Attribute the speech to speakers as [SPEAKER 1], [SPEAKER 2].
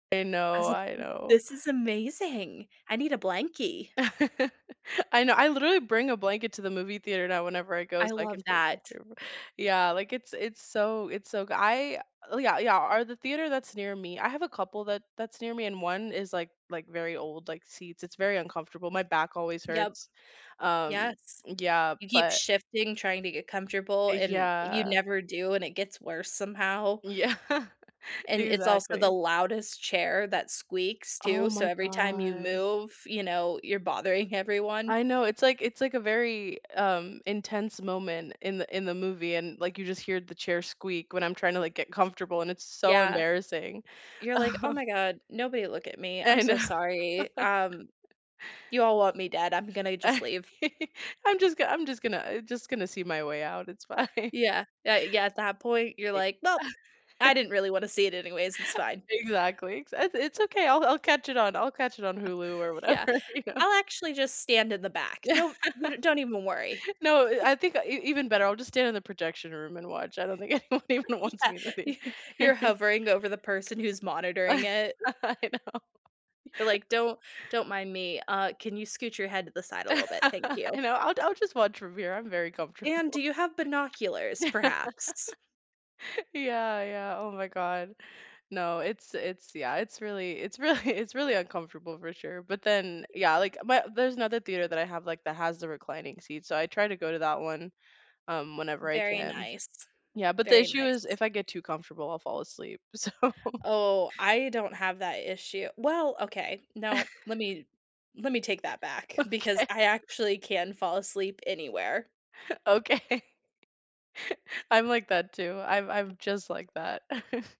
[SPEAKER 1] I
[SPEAKER 2] I
[SPEAKER 1] know,
[SPEAKER 2] was like,
[SPEAKER 1] I
[SPEAKER 2] mm,
[SPEAKER 1] know.
[SPEAKER 2] "This is amazing. I need a blankie."
[SPEAKER 1] I know, I literally bring a blanket to the movie theater now whenever I go
[SPEAKER 2] I
[SPEAKER 1] so I
[SPEAKER 2] love
[SPEAKER 1] can feel
[SPEAKER 2] that.
[SPEAKER 1] comfortable Yeah, like, it's it's so it's so goo l uh yeah, yeah or the theater that's near me; I have a couple that that's near me and one is, like like, very old, like, seats it's very uncomfortable, my back always
[SPEAKER 2] Yep.
[SPEAKER 1] hurts. Um
[SPEAKER 2] Yes.
[SPEAKER 1] Yeah,
[SPEAKER 2] You keep
[SPEAKER 1] but
[SPEAKER 2] shifting, trying to get comfortable,
[SPEAKER 1] Uh,
[SPEAKER 2] and you
[SPEAKER 1] yeah.
[SPEAKER 2] never do, and it gets worse somehow.
[SPEAKER 1] Yeah.
[SPEAKER 2] And it's also the
[SPEAKER 1] Exactly.
[SPEAKER 2] loudest chair that squeaks,
[SPEAKER 1] Oh
[SPEAKER 2] too, so
[SPEAKER 1] my
[SPEAKER 2] every time you
[SPEAKER 1] god.
[SPEAKER 2] move, you know, you're bothering everyone.
[SPEAKER 1] I know, it's like it's like a very, um, intense moment in the in the movie and, like, you just hear the chair squeak, when I'm tryna, like, get comfortable, and it's so
[SPEAKER 2] Yeah.
[SPEAKER 1] embarrassing.
[SPEAKER 2] You're like, "Oh my god, nobody look at me. I'm
[SPEAKER 1] I
[SPEAKER 2] so
[SPEAKER 1] know.
[SPEAKER 2] sorry. Um, you all want me dead, I'm gonna just leave."
[SPEAKER 1] "I'm just go I'm just gonna just gonna see my way out, it's fine."
[SPEAKER 2] Yeah. Yeah, yeah, at that point you're
[SPEAKER 1] E
[SPEAKER 2] like, "Well, I didn't really wanna see it anyways, it's fine."
[SPEAKER 1] Exactly, ex "It it's okay, I'll I'll catch it on I'll catch it on
[SPEAKER 2] Uh
[SPEAKER 1] Hulu or”
[SPEAKER 2] "Yeah.
[SPEAKER 1] “whatever," you know.
[SPEAKER 2] I'll actually just stand in the back.
[SPEAKER 1] Yeah.
[SPEAKER 2] No, n don't even worry."
[SPEAKER 1] No, i "I think e even better, I'll just stand in the projection room and watch," I don't think anyone even wants me in the
[SPEAKER 2] Yeah.
[SPEAKER 1] thea
[SPEAKER 2] You're hovering over the person who's monitoring it.
[SPEAKER 1] I know.
[SPEAKER 2] You're like, "Don't don't mind me. Uh, can you scoot your head to the side a little bit? Thank
[SPEAKER 1] I
[SPEAKER 2] you."
[SPEAKER 1] know, "I'll I'll just watch from here, I'm very comfortable.“
[SPEAKER 2] And do you have binoculars perhaps?
[SPEAKER 1] Yeah, yeah. Oh my god. No, it's it's yeah, it's really it's really it's really uncomfortable for sure, but then Yeah, like, my there's another theater that I have, like that has the reclining seats, so I try to go to that one, um, whenever I
[SPEAKER 2] Very
[SPEAKER 1] can.
[SPEAKER 2] nice.
[SPEAKER 1] Yeah, but the
[SPEAKER 2] Very
[SPEAKER 1] issue is,
[SPEAKER 2] nice.
[SPEAKER 1] if I get too comfortable, I'll fall asleep. So
[SPEAKER 2] Oh, I don't have that issue well, okay. No, let me let me take that back, because
[SPEAKER 1] Okay.
[SPEAKER 2] I actually can fall asleep anywhere.
[SPEAKER 1] Okay. I'm like that too, I'm I'm just like that.